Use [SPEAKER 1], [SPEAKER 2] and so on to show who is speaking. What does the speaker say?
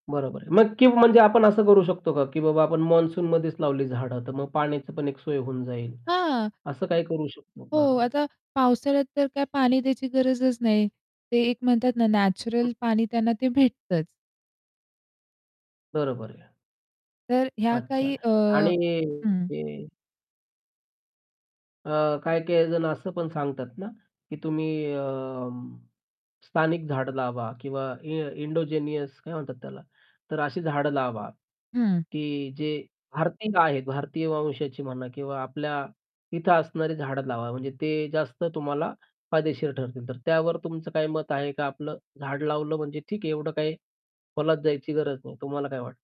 [SPEAKER 1] बरोबर आहे. मग की म्हणजे आपण असं करू शकतो का? की बाबा आपण मॉन्सूनमध्येच लावली झाडं. तर मग पाण्याची पण एक सोय होऊन जाईल.
[SPEAKER 2] हां.
[SPEAKER 1] असं काही करू शकतो का?
[SPEAKER 2] हो, आता पावसाळ्यात तर काय पाणी द्यायची गरजच नाही. ते एक म्हणतात ना नॅचरल पाणी त्यांना ते भेटतंच.
[SPEAKER 1] बरोबर आहे.
[SPEAKER 2] तर अ, ह्या
[SPEAKER 1] अच्छा.
[SPEAKER 2] काही अ
[SPEAKER 1] आणि
[SPEAKER 2] हं.
[SPEAKER 1] अ अ, काही-काही जण असं पण सांगतात ना, की तुम्ही अ, स्थानिक झाडं लावा किंवा इ इन्डोजिनियस काय म्हणतात त्याला? तर अशी झाडं लावा,
[SPEAKER 2] हं.
[SPEAKER 1] की जे भारतीय आहेत. भारतीय वंशाची म्हणा किंवा आपल्या इथे असणारी झाडं लावा. म्हणजे ते जास्त तुम्हाला फायदेशीर ठरतील. तर त्यावर तुमचं काय मत आहे का आपलं झाड लावलं म्हणजे ठीक आहे एवढं काही खोलात जायची गरज नाही. तुम्हाला काय वाटतं?